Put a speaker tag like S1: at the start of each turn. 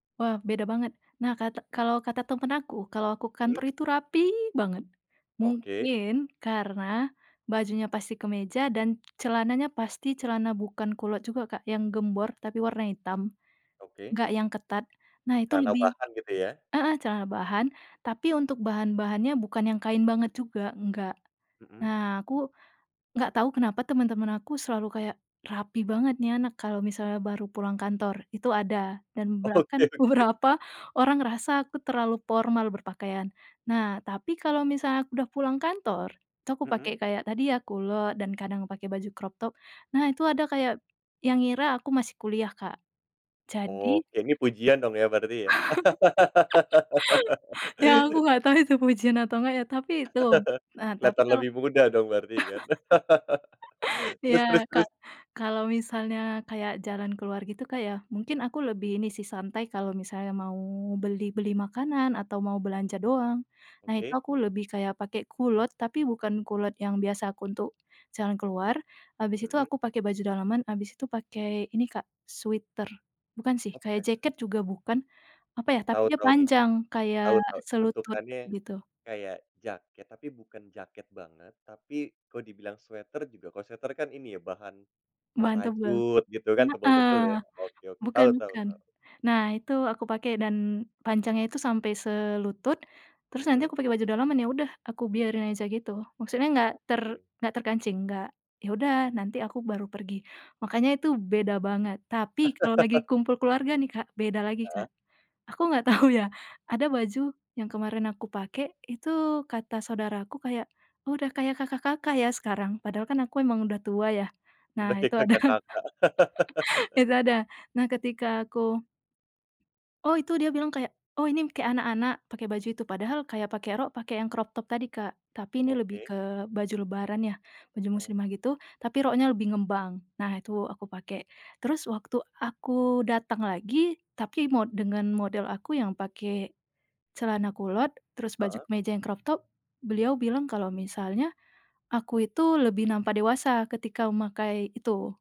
S1: Wah, beda banget. Nah, kata kalau kata temen aku, kalau aku
S2: Mhm.
S1: kantor itu rapi banget,
S2: Oke.
S1: mungkin karena bajunya pasti kemeja dan celananya pasti celana bukan kulot juga, Kak, yang gembor tapi warna hitam,
S2: Oke.
S1: nggak yang ketat. Nah, itu
S2: Kita
S1: lebih
S2: tambahkan, gitu, ya.
S1: heeh, celana bahan tapi untuk bahan-bahannya bukan yang kain banget juga, nggak.
S2: Mhm.
S1: Nah, aku nggak tahu kenapa teman-teman aku selalu kayak, "Rapi banget nih anak kalau misalnya baru pulang kantor," itu ada, dan
S2: Oke
S1: bahkan
S2: oke.
S1: beberapa orang ngerasa aku terlalu formal berpakaian. Nah, tapi kalau misalnya aku udah pulang kantor, itu aku
S2: Mhm.
S1: pakai kayak tadi ya, kulot dan kadang pakai baju crop top. Nah, itu ada kayak yang ngira aku masih kuliah, Kak, jadi
S2: Oke, ini pujian dong ya, berarti, ya.
S1: ya, aku nggak tahu itu pujian atau nggak ya, tapi itu, eee, tapi
S2: Keliatan
S1: kalau
S2: lebih muda dong berarti kan.
S1: ya,
S2: Terus terus
S1: Kak,
S2: terus?
S1: kalau misalnya kayak jalan keluar gitu, Kak, ya, mungkin aku lebih ini santai, kalau misalnya mau beli-beli makanan atau mau belanja doang, nah, itu
S2: Oke.
S1: aku lebih kayak pakai kulot, tapi bukan kulot yang biasa aku untuk jalan keluar, habis itu
S2: Mhm.
S1: aku pakai baju daleman, habis itu pakai ini, Kak, sweter bukan sih, kayak
S2: Oke.
S1: jaket juga bukan, apa ya, tapi
S2: Tau
S1: dia
S2: tau nih.
S1: panjang kayak
S2: Tau tau,
S1: selutut,
S2: bentukannya
S1: gitu.
S2: kaya jaket tapi bukan jaket banget, tapi kalo dibilang sweter juga kalo sweter kan ini ya, bahan e
S1: Mantap banget,
S2: rajut, gitu kan, tebel-tebel,
S1: heeh,
S2: ya. Oke oke
S1: bukan
S2: Tau tau
S1: bukan.
S2: tau.
S1: Nah, itu aku pakai dan panjangnya itu sampai selutut, terus nanti
S2: Mhm.
S1: aku pakai baju dalaman, ya udah, aku biarin aja gitu, maksudnya nggak ter
S2: Oke.
S1: nggak terkancing, nggak ya udah, nanti aku baru pergi. Makanya itu beda banget, tapi kalau lagi kumpul keluarga, nih, Kak, beda lagi, Kak,
S2: Heeh.
S1: aku nggak tahu ya, ada baju yang kemarin aku pakai itu, kata saudaraku kayak, "Udah kayak kakak-kakak, ya, sekarang", padahal kan aku emang udah tua, ya. Nah,
S2: Udah kayak
S1: itu ada,
S2: kakak-kakak.
S1: itu ada, nah, ketika aku oh, itu dia bilang kayak, "Oh, ini m kayak anak-anak pakai baju itu," padahal kayak pakai rok, pakai yang crop top tadi, Kak, tapi ini lebih
S2: Oke.
S1: ke baju lebaran ya, baju
S2: O
S1: muslimah gitu, tapi roknya lebih ngembang. Nah, itu aku pakai, terus waktu aku datang lagi tapi mo dengan model aku yang pakai celana kulot, terus baju
S2: Heeh.
S1: kemeja yang crop top beliau bilang kalau misalnya aku itu lebih nampak dewasa ketika memakai itu.